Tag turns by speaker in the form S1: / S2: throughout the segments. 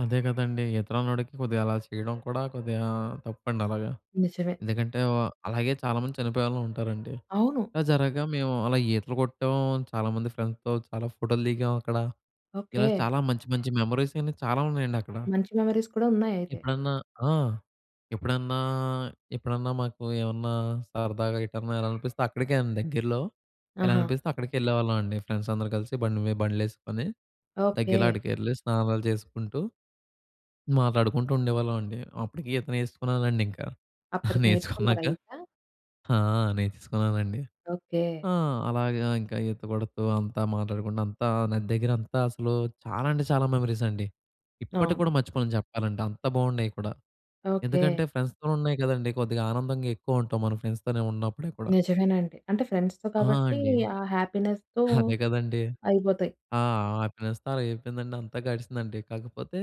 S1: అదే కదండీ! ఈత రానోడికి కొద్దిగా అలా చేయడం కూడా కొద్దిగా తప్పండలాగా.
S2: నిజమే.
S1: ఎందుకంటే, అలాగే చాలా మంది చనిపోయేన వాళ్ళుంటారండి.
S2: అవును.
S1: ఇలా జరగగా మేము అలా ఈతలు కొట్టాం. చాలా మంది ఫ్రెండ్స్‌తో చాలా ఫోటోలు దిగాం అక్కడ.
S2: ఓకే.
S1: ఇలా చాలా మంచి, మంచి మెమోరీస్ అన్ని చాలా ఉన్నాయండక్కడ.
S2: మంచి మెమోరీస్ కూడా ఉన్నాయయితే.
S1: ఎప్పుడన్నా ఆ! ఎప్పుడన్నా ఎప్పుడన్నా మాకు ఏమన్నా సరదాగా ఎటన్నా ఎల్లాలనిపిస్తే అక్కడికే అండి దగ్గరలో.
S2: ఆహా!
S1: ఎల్లాలనిపిస్తే అక్కడికే ఎళ్ళేవాళ్ళమండి ఫ్రెండ్స్ అందరూ కలిసి బండి మీద బండ్లు ఏసుకొని,
S2: ఓకే.
S1: దగ్గరలో ఆడికెళ్లి స్నానాలు చేసుకుంటూ, మాట్లాడుకుంటూ ఉండేవాళ్ళమండి. అప్పటికి ఈత నేర్చుకున్నానండింకా.
S2: అప్పటికి నేర్చుకున్నారా
S1: నేర్చుకున్నాక
S2: అయితే?
S1: ఆ! నేర్చేసున్నానండి.
S2: ఓకే.
S1: ఆ! అలాగే ఇంకా ఈత కొడుతూ అంతా మాట్లాడుకుంటూ అంతా నది దగ్గరంతా అసలు చాలా అంటే చాలా మెమోరీస్ అండి. ఇప్పటికి
S2: అవును.
S1: కూడా మర్చిపోలేను చెప్పాలంటే. అంత బాగున్నాయి కూడా.
S2: ఓకే.
S1: ఎందుకంటే, ఫ్రెండ్స్‌‌తో ఉన్నాయి కదండీ! కొద్దిగా ఆనందంగా ఎక్కువుంటాం మన ఫ్రెండ్స్‌తో ఉన్నప్పుడే కూడా.
S2: నిజమేనండి. అంటే ఫ్రెండ్స్‌తో
S1: ఆ!
S2: కాబట్టి,
S1: అండి.
S2: ఆ హ్యాపీనెస్‌తో
S1: అదే కదండీ!
S2: అయిపోతాయి.
S1: ఆ హ్యాపీనెస్‌తో అలాగైపోయిందండి. అంతా గడిచిందండి. కాకపోతే,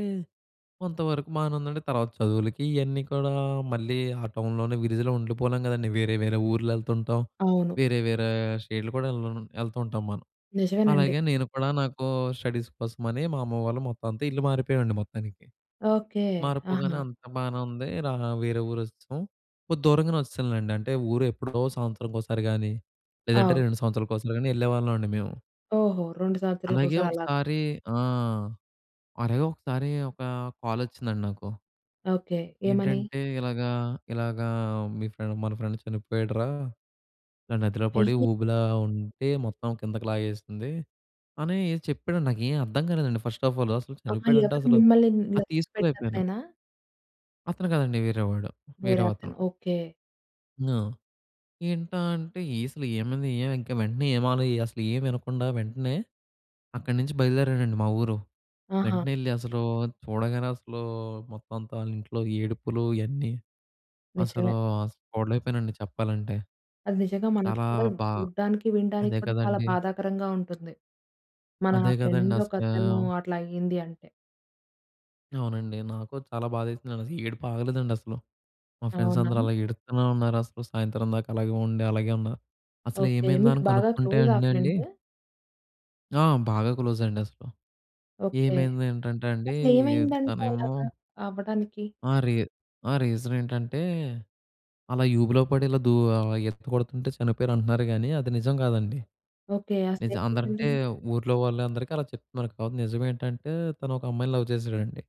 S1: కొంతవరకు బానే ఉందండి. తర్వాత చదువులకి ఇయన్నీ కూడా మళ్ళీ ఆ టౌన్‌లోనే విలేజ్‌లో ఉండిపోలేం కదండీ! వేరే, వేరే ఊర్లెళ్తుంటాం.
S2: అవును.
S1: వేరే, వేరే స్టేటులు కూడా ఎల్ ఎళ్తూ ఉంటాం మనం.
S2: నిజమేనండి.
S1: అలాగే నేను కూడా నాకు స్టడీస్ కోసంమని మా అమ్మ వాళ్ళు మొత్తం అంతా ఇల్లు మారిపోయామండి మొత్తానికి.
S2: ఓకే.
S1: మారిపోగానే
S2: ఆహా!
S1: అంత బానే ఉంది. ఇలా వేరే ఊరొచ్చెసాం. కొద్ది దూరంగానే వచ్చేసాంలెండి. అంటే ఊరెప్పుడో సంవత్సరానికొకసారి గానీ, లేదంటే
S2: అవును.
S1: 2 సంవత్సరాలకొకసారి గానీ ఎళ్ళేవాళ్ళమండి మేము.
S2: ఓహో! 2
S1: అలాగే
S2: సంవత్సరాలకొకసారి అలాగా.
S1: ఒకసారి ఆ! అరే! ఒకసారి ఒక కాలొచ్చిందండి నాకు.
S2: ఓకే. ఏమని?
S1: ఏంటంటే, ఇలాగా ఇలాగా మీ ఫ్రెండ్ మన ఫ్రెండ్ చనిపోయాడురా! ఇలా నదిలో పడి
S2: అయ్యి
S1: ఊబిలా ఉంటే మొత్తం కిందకి లాగేసింది, అని ఏదో చెప్పాడండి. నాకేం అర్థం కాలేదండి. ఫస్ట్ ఆఫ్ ఆల్ అసలు
S2: ఆహా!
S1: చనిపోయాడంటే
S2: ఎవరు
S1: అసలు
S2: మిమ్మల్ని ఇలా
S1: అది తీసుకోలేకపోయాను.
S2: తొక్కుపెట్టినతనేనా?
S1: అతను కాదండీ. వేరేవాడు.
S2: వేరే
S1: వేరే అతను.
S2: అతను. ఓకే.
S1: హ్మ్. ఏంటా అంటే, ఏ అసలేమైంది? ఏం ఇంకా వెంటనే ఏమాలో అసలు ఏం వినకుండా వెంటనే అక్కడి నుంచి బయలుదేరానండి మా ఊరు.
S2: ఆహా!
S1: వెంటనే ఎళ్లి అసలు చూడగానే అసలు మొత్తం అంతా ఆళ్ళింట్లో ఏడుపులు ఇయన్నీ అసలు
S2: నిజమే.
S1: అసలు చూడలేకపోయానండి చెప్పాలంటే.
S2: అది నిజంగా మనకు
S1: చాలా
S2: కూడా
S1: బా
S2: చూడడానికి, వినడానికి
S1: అదే
S2: కూడా చాలా
S1: కదండీ!
S2: బాధాకరంగా ఉంటుంది. మన
S1: అదే కదండీ
S2: ఫ్రెండ్ ఒకతను
S1: అసలు!
S2: అట్లా అయ్యింది అంటే.
S1: అవునండి. నాకు చాలా బాధేసిందసలు. ఏడుపాగలేదండి అసలు. మా ఫ్రెండ్స్
S2: అవునా!
S1: అందరూ అలా ఏడుత్తునే ఉన్నారసలు సాయంత్రం దాకా. అలాగే ఉండి అలాగే ఉన్నారు.
S2: ఓకే.
S1: అసలేమైందా
S2: మీకు
S1: అని
S2: బాగా
S1: కనుక్కుంటే
S2: క్లోజా ఆ
S1: అండండి
S2: ఫ్రెండు?
S1: ఆ! బాగా క్లోజండసలు.
S2: ఓకే.
S1: ఏమైందనంటే అండి
S2: అసలేమైందంట
S1: తనేమో
S2: అలాగా అవ్వడానికి?
S1: ఆ! రీ ఆ! రీజనేంటంటే, అలా ఊబిలో పడి ఇలా దూ ఆహ్, ఈత కొడుతుంటే చనిపోయారంటున్నారు కానీ అది నిజం కాదండి.
S2: ఓకే.
S1: నిజం
S2: అసలేమైందండి?
S1: అందరంటే ఊర్లో వాళ్ళందరికి అలా చెప్తున్నారు కావచ్చు. కానీ నిజమేంటంటే, తను ఒక అమ్మాయిని లవ్ చేసాడండి.